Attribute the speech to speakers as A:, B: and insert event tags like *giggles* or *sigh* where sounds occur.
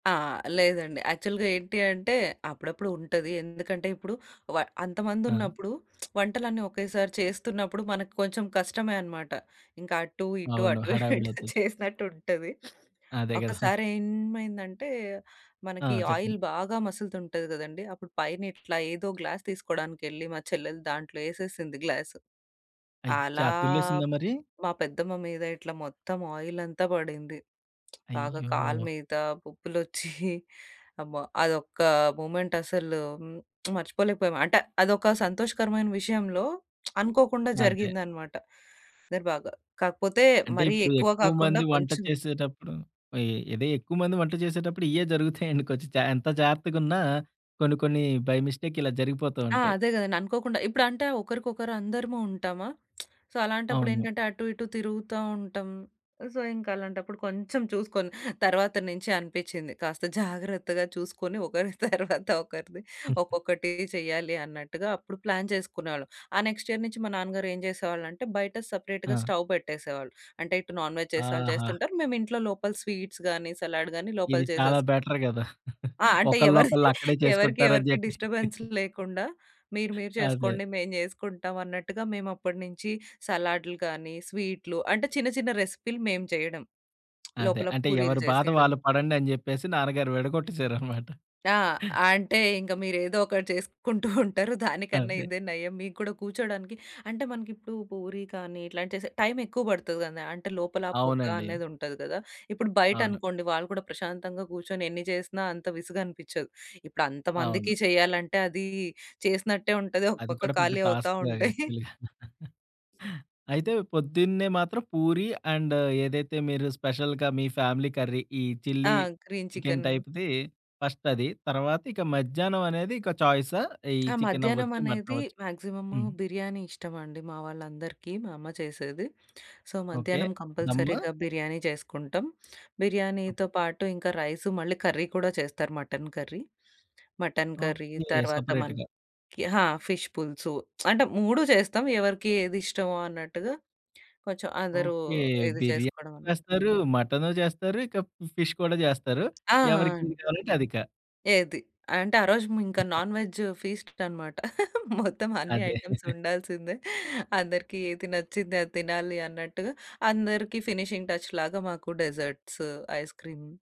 A: ఆ! లేదండి. యాక్చువల్‌‌గా ఏంటి అంటే అప్పుడప్పుడు ఉంటది. ఎందుకంటే ఇప్పుడు వ
B: ఆ!
A: అంతమందున్నప్పుడు *smacks lips* వంటలన్నీ ఒకేసారి చేస్తున్నప్పుడు మనకి కొంచెం కష్టమే అనమాట. ఇంకా అటు ఇటు,
B: అవును!
A: అటు ఇటు
B: హడావిడవుతది.
A: చేసినట్టుంటది.
B: అదే గదా! *chuckles*
A: ఒకసారేమైందంటే
B: ఆ!
A: మనకి
B: చెప్పండి.
A: ఆయిల్ బాగా మసులుతుంటది గదండీ! అప్పుడు పైన ఇట్లా ఏదో గ్లాస్ తీసుకోవడానికెళ్లి మా చెల్లెలు దాంట్లో యేసేసింది గ్లాసు.
B: అయ్యా!
A: అలా
B: తుల్లేసిందా మరి?
A: మా పెద్దమ్మ మీద ఇట్లా మొత్తం ఆయిలంతా పడింది. బాగా కాళ్ళ
B: అయ్యో!
A: మీద పొక్కులొచ్చి *chuckles* అమ్మో! అదొక్క మూమెంటసలు *smacks lips* మర్చిపోలేకపోయాము. అంటే అదొక సంతోషకరమైన విషయంలో *smacks lips* అనుకోకుండా
B: అదే.
A: జరిగిందనమాట. *unintelligible* బాగా కాకపోతే
B: అంటే
A: మరీ
B: ఇప్పుడు
A: ఎక్కువ
B: ఎక్కువ
A: కాకుండా
B: మంది వంట
A: కొంచెం
B: చేసేటప్పుడు ఇ ఇదే ఎక్కువ మంది వంట చేసేటప్పుడు ఇయ్యే *chuckles* జరుగుతాయండి. కొంచెం జా ఎంత జాగ్రత్తగున్నా కొన్ని కొన్ని బై మిస్టేక్ ఇలా జరిగిపోతూ
A: ఆ!
B: ఉంటాయి.
A: అదే గదండి! అనుకోకుండా ఇప్పుడు అంటే ఒకరికొకరు అందరము ఉంటామా! *smacks lips* సో,
B: అవును.
A: అలాంటప్పుడేంటంటే అటు ఇటు తిరుగుతా ఉంటాం. సో, ఇంకలాంటప్పుడు కొంచెం చూసుకొని, తర్వాతన నించి అనిపిచ్చింది. కాస్త జాగ్రత్తగా చూసుకొని ఒకరి తర్వాత ఒకరిది
B: *chuckles*
A: ఒక్కొక్కటి చెయ్యాలి అన్నట్టుగా అప్పుడు ప్లాన్ చేసుకునేవాళ్ళం. ఆ నెక్స్ట్ ఇయర్ నుంచి మా నాన్నగారు ఏం చేసేవాళ్ళంటే బయట సెపరేట్‌గా
B: ఆ!
A: స్టవ్ పెట్టేసేవాళ్ళు. అంటే ఇటు నాన్‌వెజ్ చేసే వాళ్ళు
B: ఆహా!
A: చేస్తుంటారు మేము ఇంట్లో లోపల స్వీట్స్ గానీ సలాడ్ గానీ లోపల
B: ఇది చాలా
A: చేసేసుకుంటాం
B: బెటర్ కదా!
A: ఆ!
B: *chuckles*
A: అంటే ఎవరిది
B: ఒకళ్ళొకళ్ళు అక్కడే
A: *chuckles* ఎవరికీ
B: చేసుకుంటారు అని
A: ఎవరికి
B: చెప్పి
A: డిస్టర్బెన్స్
B: *giggles*
A: లేకుండా మీరు మీరు
B: అదే.
A: చేసుకోండి మేము చేసుకుంటాం అన్నట్టుగా మేమప్పటి నుంచి సలాడ్లు కానీ స్వీట్లు అంటే చిన్న చిన్న రెసిపీలు మేము చేయడం.
B: అదే.
A: లోపల
B: అంటే
A: పూరీలు
B: ఎవరి బాధ
A: చేసీయడం.
B: వాళ్ళు పడండని చెప్పేసి నాన్నగారు విడగొట్టేసారనమాట.
A: ఆ! అంటే ఇంకా మీరేదోకటి చేసుకుంటూ *chuckles* ఉంటారు. దానికన్నా
B: అదే.
A: ఇదే నయం మీకు కూడా కూర్చోవడానికి అంటే మనకి ఇప్పుడు పూరి కానీ ఇట్లాంటి చేసే టైమెక్కువ పడుతది కదా! అంటే లోపల పొగ
B: అవునండి.
A: అనేదుంటది కదా! ఇప్పుడు
B: అవును.
A: బయటనుకోండి వాళ్ళు కూడా ప్రశాంతంగా కూర్చొని ఎన్ని చేసినా అంత విసుగనిపిచ్చదు. ఇప్పుడంత
B: అవును.
A: మందికీ చేయాలంటే అది చేసినట్టే ఉంటది. ఒక
B: అది కూడా
A: పక్క
B: పెద్ద
A: ఖాళీ అవుతా
B: టాస్క్‌ లాగా
A: ఉంటాయి. *chuckles*
B: యాక్ట్చువల్లీ. *laughs* అయితే పొద్దున్నే మాత్రం పూరి అండ్ ఏదైతే మీరు స్పెషల్‌గా మీ ఫ్యామిలీ కర్రీ ఈ
A: ఆ!
B: Chilli
A: green
B: chicken
A: chicken.
B: టైప్‌ది ఫస్టది. తర్వాత ఇక మధ్యాహ్నం అనేది ఇక చాయిసా? ఈ
A: ఆ! మధ్యాహ్నం
B: చికెనవ్వచ్చు.
A: అనేది
B: మటనవ్వొచ్చు.
A: మ్యాక్సిమము
B: హ్మ్.
A: బిర్యానీ ఇష్టమండి మా వాళ్ళందరికీ మా అమ్మ చేసేది. So,
B: okay.
A: మధ్యాహ్నం
B: ధమ్మా?
A: కంపల్సరీగా బిర్యానీ చేసుకుంటాం.
B: ఓకే.
A: బిర్యానీతో పాటు ఇంకా రైసు మళ్ళీ కర్రీ కూడా చేస్తారు mutton curry mutton curry
B: okay.
A: తర్వాత
B: సెపరేట్‌గా.
A: మనకి ఆహా! ఫిష్ పులుసు. *smacks lips* అంటే 3 చేస్తాం ఎవరికి ఏది ఇష్టమో, అన్నట్టుగా కొంచెం అందరూ
B: ఓకే.
A: ఇది
B: బిర్యానీ
A: చేసుకోడమని.
B: చేస్తారు. మటను చేస్తారు. ఇక ఫిష్ కూడా చేస్తారు.
A: ఆ!
B: ఎవరికేది
A: అండి.
B: కావాలంటే అదిక.
A: ఏది? అంటే ఆ రోజు హ్మ్. ఇంకా
B: *unintelligible*
A: నాన్‌వెజ్ ఫీస్ట్‌ అనమాట. *chuckles* మొత్తం అన్ని
B: అదే.
A: ఐటెమ్స్
B: *chuckles*
A: ఉండాల్సిందే. అందరికీ ఏది నచ్చింది అది తినాలి అన్నట్టుగా అందరికీ ఫినిషింగ్ టచ్‌ లాగా మాకు డిజర్ట్స్, ఐస్‌క్రీమ్.